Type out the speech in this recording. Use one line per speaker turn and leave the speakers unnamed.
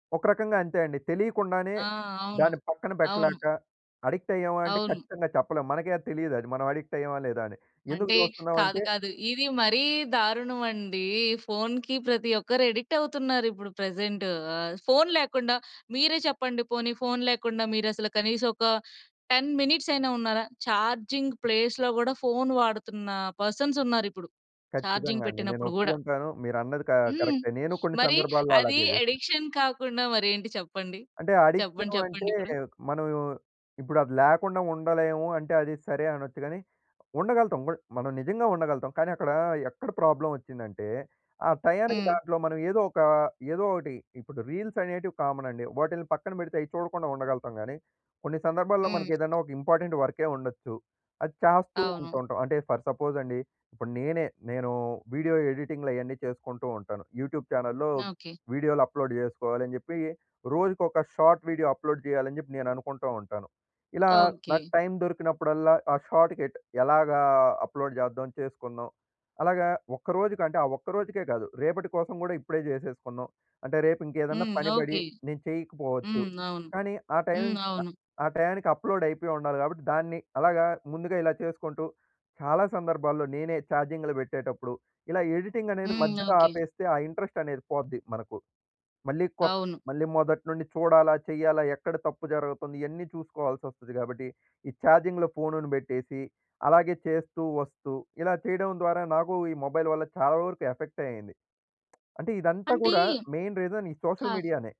ఒక రకంగా అంతే అండి. తెలికుండానే
ఆ! అవును.
దాన్ని పక్కన
అవును.
పెట్టలేక, అడిక్టయ్యామా అంటే
అవును.
ఖచ్చితంగా చెప్పలేం. మనకే అది తెలియదది. మనం అడిక్టయ్యామా లేదా అని. ఎందుకు
అంటే కాదు,
చూస్తున్నామంటే
కాదు ఇది మరీ దారుణమండి. ఫోన్‌కి ప్రతి ఒక్కరు అడిక్టవుతున్నారు ఇప్పుడు ప్రెజెంటు. ఆ ఫోన్ లేకుండా మీరే చెప్పండి పోనీ ఫోన్ లేకుండా మీరసలు కనీసం ఒక 10 మినిట్సయినా ఉన్నారా? చార్జింగ్ ప్లేస్‌లో గూడా, ఫోన్ వాడుతున్న పర్సన్స్ ఉన్నారిప్పుడు. చార్జింగ్
ఖచ్చితంగా అండి. నేను
పెట్టినప్పుడు గూడా.
ఒప్పుకుంటాను. మీరన్నది కా
హ్మ్.
కరెక్టే, నేను కొన్ని
మరి
సందర్భాల్లో
అది
అలాగే జేశా.
ఎడిక్షన్ కాకుండా మరేంటి చెప్పండి?
అంటే
చెప్పండి
అడిక్షను అంటే,
చెప్పండిప్పుడు?
మనం ఇప్పుడది లేకుండా ఉండలేము అంటే అది సరే, అనొచ్చు‌గాని ఉండగలుగుతాం. బుడ్ మనం నిజంగా ఉండగలుగుతాం. కానీ, అక్కడ ఎక్కడ ప్రాబ్లమొచ్చిందంటే, ఆ టయానికి
హ్మ్.
దాంట్లో మనం ఏదో ఒక ఏదో ఒకటి ఇప్పుడు రీల్సనేటివి కామనండి. వాటిల్ని పక్కన పెడితే అయి చూడకుండా ఉండగలుగుతాం‌గాని, కొన్ని సందర్భాల్లో
హ్మ్.
మనకేదన్నా ఒక ఇంపార్టెంట్ వర్కె ఉండొచ్చు. అది చాస్తూ
అవును.
ఉంటూంటాం. అంటే ఫర్ సపోజండి, ఇప్పుడు నేనే, నేను వీడియో ఎడిటింగులు అయన్నీ చేసుకుంటూ ఉంటాను. యూట్యూబ్ చానెల్‌లో
ఓకే.
వీడియోలు అప్‌లోడ్ జేసుకోవాలని జెప్పి, రోజుకొక షార్ట్ వీడియో అప్‌లోడ్ జేయాలని జెప్పి నేను అనుకుంటూ ఉంటాను. ఇలా నాకు
ఓకే.
టైం దొరికినప్పుడల్లా, ఆ షార్ట్‌ కెట్ ఎలాగా అప్‌లోడ్ చేద్దాం చేసుకుందాం. అలాగా ఒక్కరోజుకంటే, ఆ ఒక్కరోజుకే గాదు. రేపటి కోసం గూడా ఇప్పుడే జేసేసుకున్నాం. అంటే, రేపింకేదన్నా
హ్మ్.
పని బడి
ఓకే.
నేను చేయకపోవచ్చు.
హ్మ్ అవును.
కానీ ఆ టైం
హ్మ్,
క
అవును.
ఆ టైయానికి అప్‌లోడయిపోయుండాలి గాబట్టి, దాన్ని అలాగా ముందుగా ఇలా చేసుకుంటూ చాలా సందర్భాల్లో నేనే చార్జింగ్‌లు బెట్టేటప్పుడు, ఇలా ఎడిటింగనేది
హ్మ్.
మధ్యలో
ఓకే.
ఆపేస్తే ఆ ఇంట్రెస్టనేది పోద్ది మనకు. మళ్ళీ కొత్
అవును.
మళ్ళీ మొదటినుండి చూడాలా, చెయ్యాలా, ఎక్కడ తప్పు జరుగుతుంది ఇయన్నీ చూసుకోవాల్సొస్తది కాబట్టి, ఈ చార్జింగ్‌లో ఫోన్‌ని బెట్టేసి అలాగే చేస్తూ, వస్తూ ఇలా చేయడం ద్వారా నాకూ ఈ మొబైల్ వల్ల చాలా వరకు ఎఫెక్టే అయ్యింది. అంటే ఇదంతా
అంటే
గూడా, మెయిన్ రీజన్ ఈ సోషల్
కాదు.
మీడియా‌నే.